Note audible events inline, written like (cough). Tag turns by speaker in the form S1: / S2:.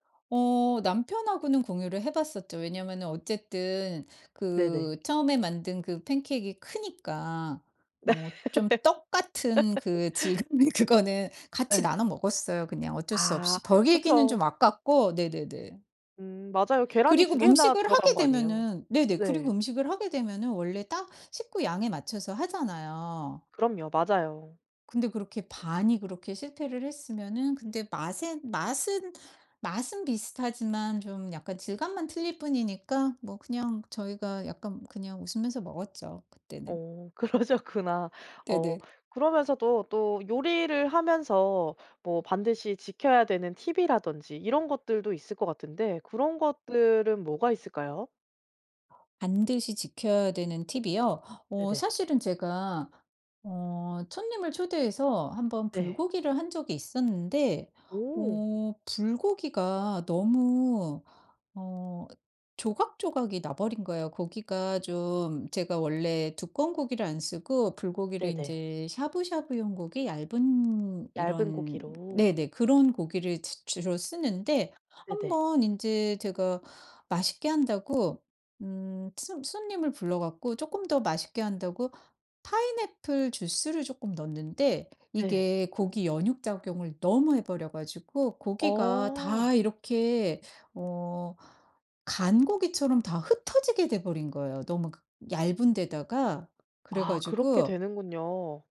S1: 어 남편하고는 공유를 해 봤었죠. 왜냐하면은 어쨌든
S2: 네네.
S1: 그 처음에 만든 그 팬케익이 크니까 어 좀 떡 같은 그
S2: (laughs)
S1: 질감의 그거는 같이
S2: 예.
S1: 나눠 먹었어요. 그냥 어쩔 수
S2: 아
S1: 없이 버리기는
S2: 그쵸.
S1: 좀 아깝고 네네네.
S2: 음 맞아요. 계란이
S1: 그리고
S2: 2
S1: 뭐
S2: 개나
S1: 음식을
S2: 들어간
S1: 하게
S2: 거 아니에요.
S1: 되면은 네네 그리고
S2: 네.
S1: 음식을 하게 되면은 원래 딱 식구 양에 맞춰서 하잖아요.
S2: 그럼요. 맞아요.
S1: 근데 그렇게 반이 그렇게 실패를 했으면은 근데 맛은, 맛은, 맛은 비슷하지만 좀 약간 질감만 틀릴 뿐이니까 뭐 그냥 저희가 약간 그냥 웃으면서 먹었죠. 그때는.
S2: 어 그러셨구나. 어
S1: 네네.
S2: 그러면서도 또 요리를 하면서 뭐 반드시 지켜야 되는 팁이라든지 이런 것들도 있을 것 같은데 그런 것들은 뭐가 있을까요?
S1: 반드시 지켜야 되는 팁이요? 어
S2: 네네.
S1: 사실은 제가 어 손님을 초대해서 1 번
S2: 네.
S1: 불고기를 한 적이 있었는데
S2: 오.
S1: 어 불고기가 너무 어 조각조각이 나버린 거예요. 고기가 좀 제가 원래 두꺼운 고기를 안 쓰고 불고기를
S2: 네네.
S1: 인제 샤브샤브용 고기 얇은
S2: 얇은
S1: 이런
S2: 고기로.
S1: 네네 그런 고기를 주 주로 쓰는데 한
S2: 네네.
S1: 번 인제 제가 맛있게 한다고 음 손 손님을 불러 갖고 쪼끔 더 맛있게 한다고 파인애플 주스를 쪼끔 넣었는데
S2: 네.
S1: 이게 고기 연육 작용을 너무 해 버려 가지고 고기가
S2: 어.
S1: 다 이렇게 어 간 고기처럼 다 흩어지게 돼 버린 거예요. 너무 그 얇은 데다가 그래
S2: 아 그렇게
S1: 가지고
S2: 되는군요.